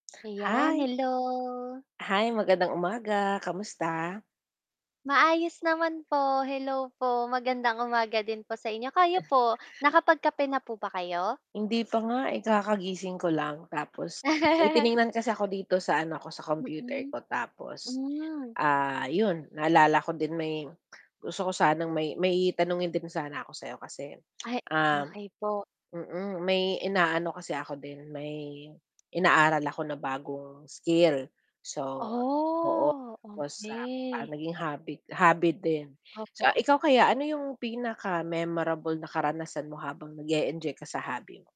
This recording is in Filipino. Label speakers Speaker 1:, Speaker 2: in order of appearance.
Speaker 1: Ayan,
Speaker 2: Hi.
Speaker 1: hello.
Speaker 2: Hi, magandang umaga, kamusta?
Speaker 1: Maayos naman po, hello po, magandang umaga din po sa inyo, kayo po, nakapag-kape na po ba kayo?
Speaker 2: Hindi pa nga eh, kakagising ko lang tapos, may tiningnan kasi ako dito sa ano ko sa computer
Speaker 1: Mm.
Speaker 2: ko tapos,
Speaker 1: Mm.
Speaker 2: ah, yun, naalala ko din may gusto ko sanang may may tanungin din sana ako sayo kasi,
Speaker 1: Ay,
Speaker 2: um
Speaker 1: okey po.
Speaker 2: mm, may inaano kasi ako din, may inaaral ako na bagong skill. So oo,
Speaker 1: Oh,
Speaker 2: tapos, ah,
Speaker 1: okey.
Speaker 2: naging hobby hobby din. So
Speaker 1: Opo.
Speaker 2: ikaw kaya ano yung pinaka-memorable na karanasan mo habang nag-e-enjoy ka sa hobby?